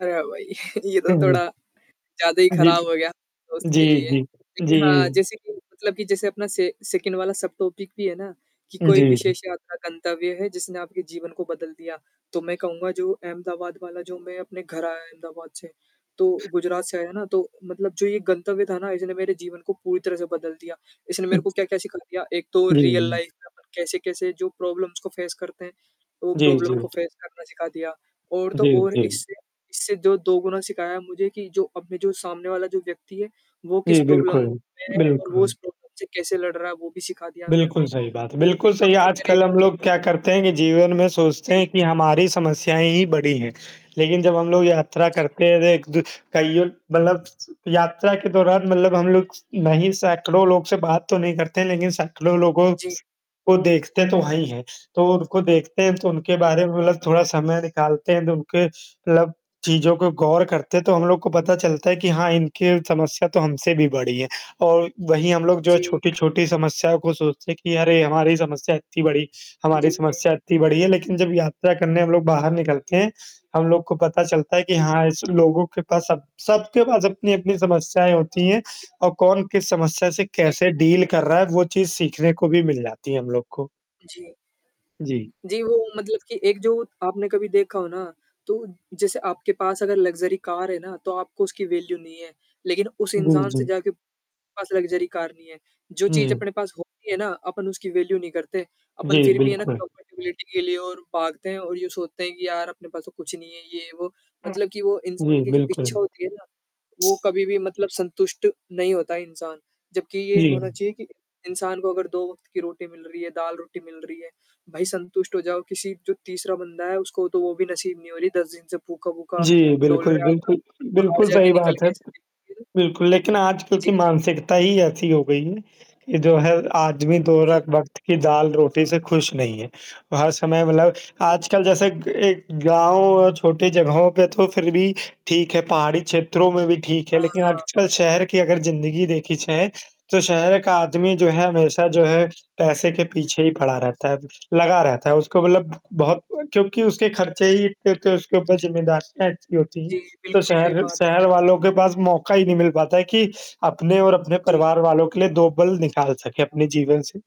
अरे वही! ये तो हाँ थोड़ा, जी। ज़्यादा ही हाँ जी। खराब हो गया, दोस्त जी, के लिए। जी। लेकिन हाँ, जी। जैसे कि मतलब कि जैसे अपना से सेकंड वाला सबटॉपिक भी है ना, कि कोई जी, जी। विशेष यात्रा गंतव्य है जिसने आपके जीवन को बदल दिया। तो मैं कहूँगा जो अहमदाबाद वाला जो मैं अपने घर आया अहमदाबाद से, तो गुजरात से आया ना तो मतलब जो ये गंतव्य था ना इसने मेरे जीवन को पूरी तरह से बदल दिया। इसने मेरे को अच्छा। क्या-क्या सिखा दिया, एक तो जी। रियल हुँ। लाइफ़ में अपन कैसे-कैसे जो प्रॉब्लम्स को फेस करते हैं, वो जी, प्रॉब्लम को जी। फेस करना सिखा दिया। और तो जी, और जी। इससे, इससे जो दोगुना सिखाया मुझे कि जो अपने जो सामने वाला जो व्यक्ति है, वो किस जी, प्रॉब्लम बिल्कुल। में है बिल्कुल। और वो उस प्रॉब्लम से कैसे लड़ रहा है वो भी सिखा दिया मेरे बिल्कुल को। सही बात है। क्योंकि बिल्कुल सही काफ़ी तरह आजकल के हम लोग लोग क्या होते करते हैं कि जीवन में सोचते हैं जी। कि हमारी समस्याएँ ही बड़ी हैं। लेकिन जब हम लोग यात्रा जी। करते हैं तो एक दू कइयों मतलब यात्रा के दौरान मतलब हम लोग नहीं सैकड़ों लोग से बात तो नहीं करते हैं, लेकिन सैकड़ों लोगों, जी। को देखते तो हैं ही हैं। तो उनको देखते हैं तो उनके हुँ, हुँ। बारे में मतलब थोड़ा समय निकालते हैं तो उनके मतलब चीज़ों को गौर करते तो हम लोग को पता चलता है कि हाँ, इनकी समस्या तो हमसे भी बड़ी है। और वहीं हम लोग जो हैं जी। छोटी-छोटी समस्याओं को सोचते हैं कि अरे! हमारी समस्या इत्ती बड़ी हमारी जी, जी। समस्या इत्ती बड़ी है लेकिन जब यात्रा करने हम लोग बाहर निकलते हैं, हम लोग को पता चलता है कि जी। हाँ, इस लोगों के पास सब सबके पास अपनी-अपनी समस्याएँ होती हैं, और कौन किस समस्या से जी। कैसे डील कर रहा है वो चीज़ सीखने को भी मिल जाती है हम लोग को। जी। जी। जी, वो मतलब कि एक जो आपने कभी देखा हो ना? तो जैसे आपके पास अगर लग्ज़री कार है ना, तो आपको उसकी वैल्यू नहीं है। लेकिन उस जी, इंसान से जी। जाके पास लग्ज़री कार नहीं है। जो चीज़ जी। अपने पास होती है ना, अपन उसकी वैल्यू नहीं करते। अपन जी, फिर भी है ना बिल्कुल। कम्पेटिबिलिटी के लिए और भागते हैं और यो सोचते हैं कि यार अपने पास तो कुछ नहीं है, ये-वो हुँ। मतलब कि वो इंसान जी, की जो इच्छा बिल्कुल। होती है ना, वो कभी भी मतलब संतुष्ट नहीं होता है इंसान। जबकि ये होना जी। चाहिए कि, इंसान को अगर दो वक़्त की रोटी मिल रही है, दाल-रोटी मिल रही है, भई संतुष्ट हो जाओ, किसी जो तीसरा बंदा है, उसको तो वो भी नसीब नहीं हो रही, 10 दिन से भूखा, भूखा जी, डोल बिल्कुल, रहा है अगर बिल्कुल, अपन बाहर बिल्कुल जाके सही निकल बात है। के ऐसे देखें बिल्कुल, लेकिन आज क्योंकि जी। मानसिकता ही ऐसी हो गई है, कि जो है आदमी दो जी। रख वक़्त की दाल-रोटी से खुश नहीं है। हर समय मतलब जी। आजकल जैसे क एक गाँव, छोटी जगहों पे तो फिर भी ठीक है, पहाड़ी क्षेत्रों में भी ठीक है, हाँ, लेकिन हाँ। आजकल शहर की अगर ज़िंदगी देखी जाए, तो शहर का आदमी जो है जी। हमेशा जो है पैसे के पीछे ही पड़ा रहता है, लगा रहता है उसको मतलब बहुत अ, क्योंकि उसके खर्चे ही इत्ते होते उसके ऊपर ज़िम्मेदारियाँ इत्ती होती हैं। जी, तो बिल्कुल सही शहर बात है। शहर वालों के पास मौका ही नहीं मिल पाता है कि, अपने और अपने जी। परिवार वालों के लिए 2 पल निकाल सके अपने जीवन से।